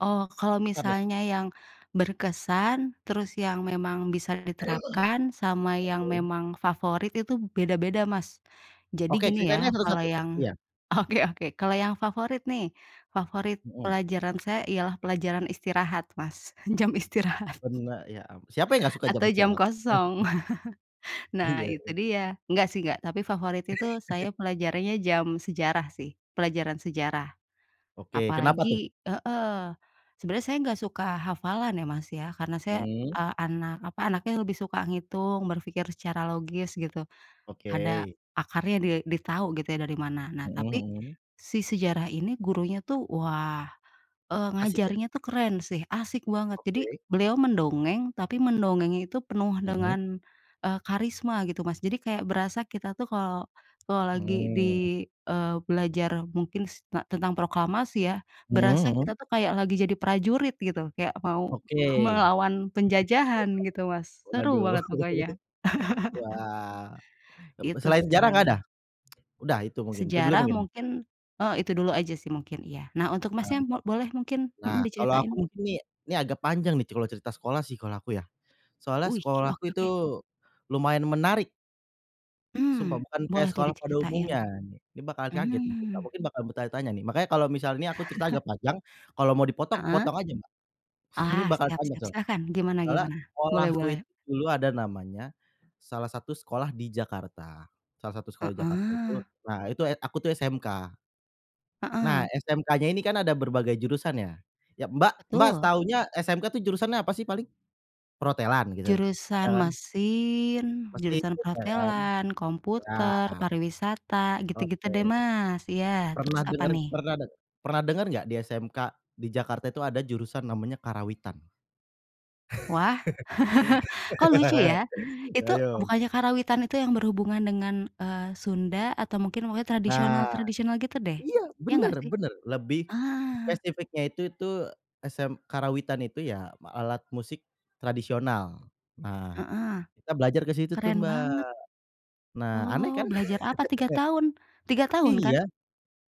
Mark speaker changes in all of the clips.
Speaker 1: Oh, kalau
Speaker 2: [unintelligible]
Speaker 1: misalnya yang berkesan, terus yang memang bisa diterapkan sama yang
Speaker 2: Oke.
Speaker 1: memang favorit itu beda-beda, Mas. Jadi
Speaker 2: Oke
Speaker 1: gini
Speaker 2: ceritain, Kak,
Speaker 1: ya, kalau
Speaker 2: satu-satu.
Speaker 1: yang
Speaker 2: Iya.
Speaker 1: oke oke. Kalau yang favorit nih, favorit
Speaker 2: Mhm.
Speaker 1: pelajaran saya ialah pelajaran istirahat, Mas. Jam istirahat.
Speaker 2: [unintelligible] Siapa yang enggak suka jam
Speaker 1: Atau jam
Speaker 2: istirahat.
Speaker 1: kosong. Nah,
Speaker 2: Iya
Speaker 1: itu
Speaker 2: iya.
Speaker 1: dia. Enggak sih enggak, tapi favorit itu saya pelajarannya jam sejarah sih. Pelajaran sejarah.
Speaker 2: Oke, kenapa tuh?
Speaker 1: Apalagi heeh, sebenarnya saya nggak suka hafalan ya, Mas, ya. Karena saya,
Speaker 2: Mhm.
Speaker 1: ah, anak, apa, anaknya lebih suka ngitung, berpikir secara logis gitu.
Speaker 2: Oke.
Speaker 1: Ada akarnya di ditahu gitu ya dari mana. Nah,
Speaker 2: Mhm
Speaker 1: tapi
Speaker 2: mhm.
Speaker 1: si sejarah ini gurunya tuh, wah, eee,
Speaker 2: Asyik ya.
Speaker 1: ngajarnya itu keren sih, asyik banget. Jadi
Speaker 2: Oke.
Speaker 1: beliau mendongeng, tapi mendongengnya itu penuh
Speaker 2: Mhm.
Speaker 1: dengan, eee, karisma gitu, Mas. Jadi kayak berasa kita tuh kalau kalau lagi
Speaker 2: Hmm.
Speaker 1: di, eee, belajar mungkin s te tentang proklamasi ya, berasa
Speaker 2: Mmm, mhm.
Speaker 1: kita itu kayak lagi jadi prajurit gitu. Kayak mau
Speaker 2: Oke.
Speaker 1: melawan penjajahan gitu,
Speaker 2: [unintelligible]
Speaker 1: Mas. Seru
Speaker 2: Waduh.
Speaker 1: banget pokoknya.
Speaker 2: Wah. B
Speaker 1: Itu
Speaker 2: selain sejarah enggak ada?
Speaker 1: sih.
Speaker 2: udah itu mungkin, itu dulu
Speaker 1: Sejarah
Speaker 2: mungkin.
Speaker 1: mungkin oh itu dulu aja sih mungkin iya. Nah untuk Masnya
Speaker 2: Mantap.
Speaker 1: mo boleh mungkin,
Speaker 2: Nah
Speaker 1: mhm
Speaker 2: kalo aku
Speaker 1: diceritain.
Speaker 2: mungkin ini, ini agak panjang nih kalo cerita sekolah sih kalo aku ya, soalnya
Speaker 1: Wih,
Speaker 2: sekolahku
Speaker 1: oke
Speaker 2: itu
Speaker 1: oke.
Speaker 2: lumayan menarik.
Speaker 1: Hmm,
Speaker 2: Sumpah, bukan kaya
Speaker 1: boleh tuh
Speaker 2: sekolah pada
Speaker 1: diceritain.
Speaker 2: umumnya. Ni Ini bakal kaget mungkin, dan
Speaker 1: Mhm.
Speaker 2: mungkin bakal bertanya-tanya nih, makanya kalau misalnya aku cerita agak panjang, kalau mau dipotong,
Speaker 1: Heeh.
Speaker 2: potong aja, Mbak. Ini
Speaker 1: Ah,
Speaker 2: bakal
Speaker 1: siap
Speaker 2: panjang
Speaker 1: siap,
Speaker 2: soalnya.
Speaker 1: silakan. Gimana
Speaker 2: Soalnya
Speaker 1: gimana? Boleh
Speaker 2: sekolahku itu
Speaker 1: boleh.
Speaker 2: dulu ada namanya, salah satu sekolah di Jakarta, salah satu sekolah Jakarta. Itu
Speaker 1: Heeh.
Speaker 2: nah itu, et aku tuh SMK.
Speaker 1: Heeh.
Speaker 2: Nah SMK-nya ini kan ada berbagai jurusan ya. Ya, Mbak Mbak
Speaker 1: Betul.
Speaker 2: taunya SMK tuh jurusannya apa sih paling? Perhotelan gitu? Ada
Speaker 1: Jurusan
Speaker 2: kan?
Speaker 1: mesin,
Speaker 2: Mesin
Speaker 1: jurusan
Speaker 2: juga kan?
Speaker 1: perhotelan, komputer,
Speaker 2: Iya.
Speaker 1: pariwisata, gitu-gitu
Speaker 2: Oke.
Speaker 1: deh, Mas. Iya, terus
Speaker 2: Pernah
Speaker 1: apa
Speaker 2: denger,
Speaker 1: nih?
Speaker 2: pernah deng pernah dengar enggak di SMK di Jakarta itu ada jurusan namanya Karawitan?
Speaker 1: Wah! Kok lucu ya? Itu
Speaker 2: Ayo.
Speaker 1: bukannya karawitan itu yang berhubungan dengan, eee, Sunda atau mungkin pokoknya
Speaker 2: Nah.
Speaker 1: tradisional-tradisional gitu deh?
Speaker 2: Iya
Speaker 1: Iya
Speaker 2: bener
Speaker 1: ngggak sih?
Speaker 2: bener, lebih
Speaker 1: Ah.
Speaker 2: spesifiknya itu tuh SM Karawitan itu ya alat musik tradisional. Nah,
Speaker 1: Heeh.
Speaker 2: kita belajar ke situ tuh,
Speaker 1: Keren
Speaker 2: Mbak.
Speaker 1: banget.
Speaker 2: Nah aneh kan?
Speaker 1: Oh, belajar apa 3 tahun? 3 tahun kan?
Speaker 2: Iya.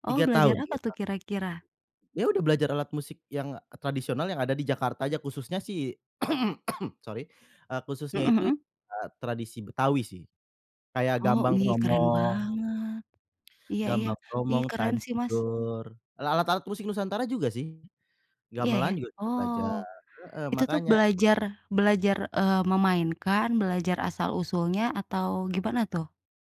Speaker 1: Oh,
Speaker 2: 3
Speaker 1: belajar
Speaker 2: tahun,
Speaker 1: apa
Speaker 2: 3
Speaker 1: tuh
Speaker 2: tahun.
Speaker 1: kira-kira?
Speaker 2: Iya udah belajar alat musik yang tradisional yang ada di Jakarta aja khususnya sih sorry, eee, khususnya
Speaker 1: Mhm
Speaker 2: itu,
Speaker 1: mhm.
Speaker 2: ah, tradisi Betawi sih. Kayak
Speaker 1: Oh,
Speaker 2: Gambang
Speaker 1: wih keren
Speaker 2: Kromong,
Speaker 1: banget. Iya iya,
Speaker 2: Gambang
Speaker 1: wih
Speaker 2: Kromong,
Speaker 1: keren sih, Mas.
Speaker 2: Tanjur, lalat alat musik nusantara juga sih,
Speaker 1: Iya iya.
Speaker 2: gamelan kita juga
Speaker 1: Oh
Speaker 2: belajar. Heeh,
Speaker 1: itu tuh
Speaker 2: makanya
Speaker 1: belajar belajar, eee, memainkan, belajar asal-usulnya atau gimana tuh?